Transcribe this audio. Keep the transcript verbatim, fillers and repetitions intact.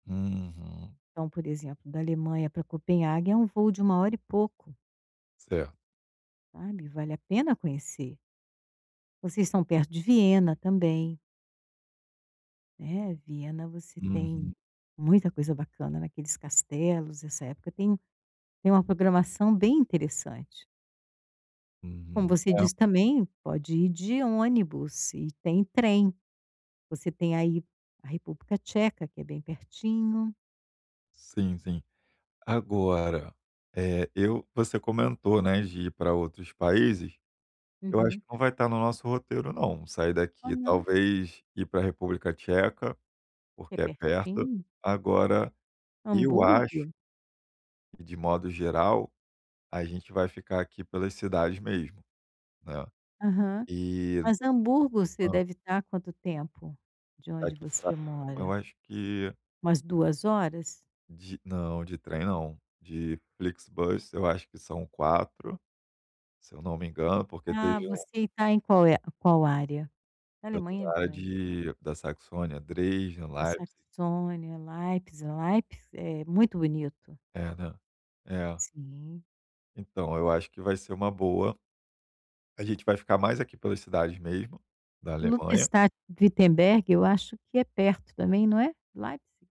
Uhum. Então, por exemplo da Alemanha para Copenhague é um voo de uma hora e pouco. Certo. Sabe, vale a pena conhecer. Vocês estão perto de Viena também. Né, Viena você tem Uhum. muita coisa bacana naqueles castelos. Essa época tem um tem uma programação bem interessante. Como Uhum, você é disse também, pode ir de ônibus e tem trem. Você tem aí, a República Tcheca que é bem pertinho. Sim sim. Agora, eh, eu você comentou, né, de ir para outros países. Eu acho Uhum. que não vai estar no nosso roteiro não, sair Ó daqui não? talvez ir para República Tcheca, É porque é perto, pertinho? agora, eu acho Hamburgo? e de modo geral, a gente vai ficar aqui pelas cidades mesmo, né, Aham. e. Mas Hamburgo você Hã? deve estar há quanto tempo de onde Daqui você para, eu mora? acho que Umas duas horas? De não de trem não, de Flixbus eu acho que são quatro se eu não me engano, porque Ah teve um você está em qual e qual área? Eu estou Alemanha é na área grande. de da Saxônia. Dresden, A Leipzig. Saxônia, Leipzig, Leipzig é muito bonito. É, né, é. Sim. Então, eu acho que vai ser uma boa. A gente vai ficar mais aqui pelas cidades mesmo da Alemanha. Lutherstadt Wittenberg, eu acho que é perto também, não é, de Leipzig?